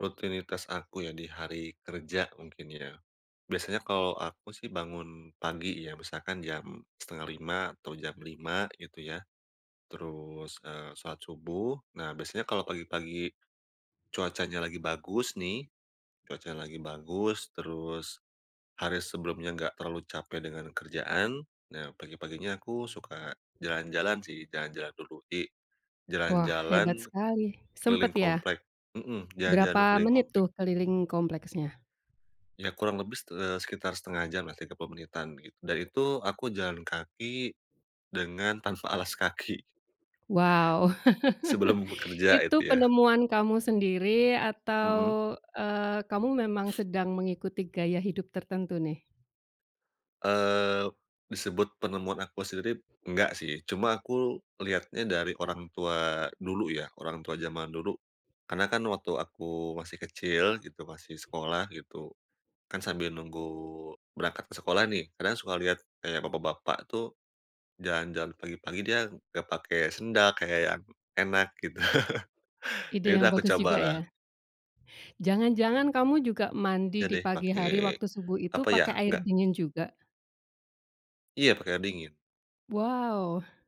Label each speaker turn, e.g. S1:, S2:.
S1: Rutinitas aku ya di hari kerja mungkin ya. Biasanya kalau aku sih bangun pagi ya, misalkan jam 4.30 atau jam 5.00 gitu ya. Terus, eee, sholat subuh nah, biasanya kalau pagi-pagi cuacanya lagi bagus nih, cuacanya lagi bagus terus hari sebelumnya nggak terlalu capek dengan kerjaan. Nah pagi-paginya aku suka jalan-jalan sih, jalan-jalan dulu. Jadi
S2: Wah, hebat
S1: jalan-jalan
S2: sekali sempat
S1: keliling
S2: ya?
S1: komplek mhm, jalan-jalan dulu
S2: Berapa
S1: keliling
S2: menit
S1: komplek.
S2: tuh keliling kompleksnya?
S1: Ya kurang lebih ste eee, sekitar 0.5 jam lah, 30 menitan gitu da itu aku jalan kaki dengan tanpa alas kaki.
S2: Wow,
S1: Sebelum bekerja
S2: itu
S1: itu ya.
S2: penemuan kamu sendiri atau,
S1: Mhm.
S2: eee, kamu memang sedang mengikuti gaya hidup tertentu nih?
S1: Eee, disebut penemuan aku sendiri enggak sih, cuma aku lihatnya dari orang tua dulu ya, orang tua jaman dulu. Karena kan waktu aku masih kecil gitu masih sekolah gitu, kan sambil nunggu berangkat ke sekolah nih, kadang suka lihat kayak bapak-bapak tuh, jalan-jalan pagi-pagi dia gak pake sendal kayak yang enak gitu,
S2: Ide yang
S1: yaudah aku
S2: bagus
S1: coba
S2: juga
S1: lah.
S2: ya. Jangan-jangan kamu juga
S1: Iya
S2: mandi di
S1: deh
S2: pagi
S1: pake
S2: hari waktu subuh itu
S1: apa ya?
S2: pakai air
S1: Nggak
S2: dingin juga?
S1: Iya pakai air dingin.
S2: Wow.